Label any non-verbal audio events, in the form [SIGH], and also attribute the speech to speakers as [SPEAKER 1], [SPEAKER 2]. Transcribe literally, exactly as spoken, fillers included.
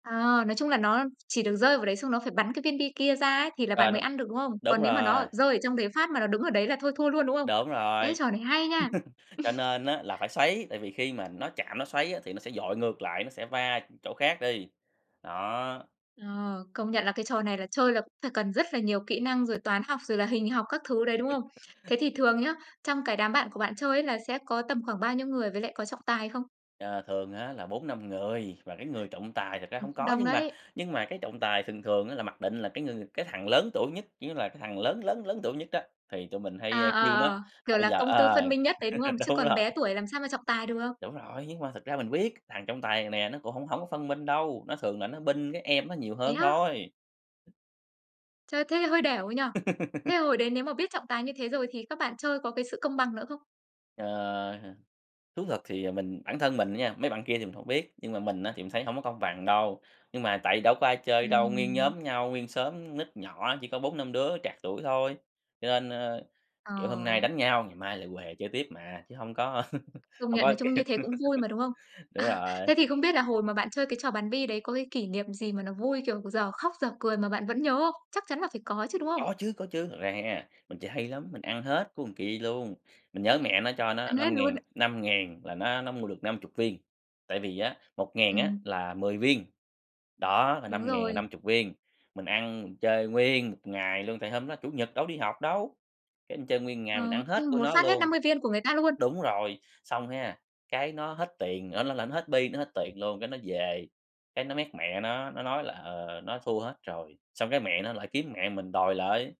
[SPEAKER 1] À, nói chung là nó, a, chỉ được rơi vào đấy xong nó phải bắn cái viên bi kia ra á thì là
[SPEAKER 2] Ờ,
[SPEAKER 1] bạn
[SPEAKER 2] đ
[SPEAKER 1] mới ăn được, đúng không?
[SPEAKER 2] đúng
[SPEAKER 1] Còn nếu mà nó
[SPEAKER 2] rồi.
[SPEAKER 1] ở rơi ở trong đấy phát mà nó đứng ở đấy là thôi thua luôn, đúng không?
[SPEAKER 2] Đúng
[SPEAKER 1] Ê
[SPEAKER 2] rồi,
[SPEAKER 1] trò này hay nha.
[SPEAKER 2] [LAUGHS] cho
[SPEAKER 1] [LAUGHS]
[SPEAKER 2] nên á là phải xoáy tại vì khi mà nó chạm nó xoáy á thì nó sẽ dội ngược lại, nó sẽ va chỗ khác đi, đó.
[SPEAKER 1] Ờ, công nhận là cái trò này là chơi là cũng phải cần rất là nhiều kỹ năng, rồi toán học, rồi là hình học các thứ đấy, đúng không?
[SPEAKER 2] [LAUGHS]
[SPEAKER 1] Thế thì thường nhá, trong cái đám bạn của bạn chơi ấy là sẽ có tầm khoảng bao nhiêu người với lại có trọng tài không?
[SPEAKER 2] Ờ, thường á là bốn năm người, và cái người trọng tài thật ra
[SPEAKER 1] Ừm,
[SPEAKER 2] hông
[SPEAKER 1] cũng
[SPEAKER 2] có
[SPEAKER 1] đông
[SPEAKER 2] nhưng mà
[SPEAKER 1] đấy.
[SPEAKER 2] nhưng mà cái trọng tài thường thường á là mặc định là cái người cái thằng lớn tuổi nhất, kiểu như là, cái thằng lớn lớn lớn tuổi nhất đó, thì tụi mình hay, ơ,
[SPEAKER 1] À, ờ,
[SPEAKER 2] kêu nó, là
[SPEAKER 1] ờ, kiểu,
[SPEAKER 2] bây
[SPEAKER 1] là
[SPEAKER 2] giờ,
[SPEAKER 1] công tư
[SPEAKER 2] ờ
[SPEAKER 1] phân minh nhất đấy, đúng không?
[SPEAKER 2] [LAUGHS]
[SPEAKER 1] Chứ
[SPEAKER 2] đúng
[SPEAKER 1] còn
[SPEAKER 2] rồi.
[SPEAKER 1] bé tuổi làm sao mà trọng tài được?
[SPEAKER 2] Đúng rồi, nhưng mà thực ra mình biết thằng trong tài này nè nó cũng hổng hông có phân minh đâu, nó thường là nó bênh cái em nó nhiều
[SPEAKER 1] Thế
[SPEAKER 2] hơn
[SPEAKER 1] á?
[SPEAKER 2] thôi.
[SPEAKER 1] Chơi thế hơi đểu nhỉ? Thế
[SPEAKER 2] [LAUGHS]
[SPEAKER 1] hồi đấy nếu mà biết trọng tài như thế rồi thì các bạn chơi có cái sự công bằng nữa không?
[SPEAKER 2] Ờ ha, thú thật thì, ờ, mình bản thân mình á nha, mấy bạn kia thì mình hổng biết, nhưng mà mình á thì mình thấy hông có công bằng đâu. Nhưng mà tại vì đâu có ai chơi đâu, nguyên
[SPEAKER 1] Ừm.
[SPEAKER 2] nhóm nhau, nguyên xóm nít nhỏ, chỉ có bốn năm đứa trạc tuổi thôi, cho nên, ơ, kiểu, hôm nay
[SPEAKER 1] Ờ.
[SPEAKER 2] đánh nhau, ngày mai lại huề chơi tiếp mà, chứ hông có [LAUGHS]
[SPEAKER 1] Công
[SPEAKER 2] hông
[SPEAKER 1] nhận
[SPEAKER 2] có,
[SPEAKER 1] nói
[SPEAKER 2] kiểu
[SPEAKER 1] chung như thế cũng vui mà, đúng không?
[SPEAKER 2] [LAUGHS] đúng
[SPEAKER 1] À,
[SPEAKER 2] rồi.
[SPEAKER 1] thế thì không biết là hồi mà bạn chơi cái trò bắn bi đấy có cái kỷ niệm gì mà nó vui, kiểu, dở khóc dở cười mà bạn vẫn nhớ không? Chắc chắn là phải có chứ, đúng không?
[SPEAKER 2] Có chứ có chứ, thật ra ha, mình chơi hay lắm, mình ăn hết của kia luôn, mình nhớ mẹ nó cho nó
[SPEAKER 1] Ăn hết
[SPEAKER 2] năm
[SPEAKER 1] luôn
[SPEAKER 2] ngàn,
[SPEAKER 1] ạ.
[SPEAKER 2] năm ngàn là nó nó mua được năm chục viên, tại vì á, một ngàn á
[SPEAKER 1] Ừm.
[SPEAKER 2] là mười viên, đó, là
[SPEAKER 1] Đúng
[SPEAKER 2] năm ngàn là
[SPEAKER 1] rồi.
[SPEAKER 2] năm chục viên, mình ăn mình chơi nguyên một ngày luôn, tại hôm đó Chủ nhật đâu đi học đâu, cái mình chơi nguyên một
[SPEAKER 1] Ờ,
[SPEAKER 2] ngày mình ăn hết
[SPEAKER 1] ui
[SPEAKER 2] của
[SPEAKER 1] một
[SPEAKER 2] nó
[SPEAKER 1] phát hết
[SPEAKER 2] luôn.
[SPEAKER 1] năm mươi viên của người ta luôn?
[SPEAKER 2] Đúng rồi, xong ha, cái nó hết tiền ơ, nó là nó hết bi nó hết tiền luôn, cái nó về, cái nó méc mẹ nó, nó nói là, ờ, nó thua hết rồi, xong cái mẹ nó lại kiếm mẹ mình đòi lại.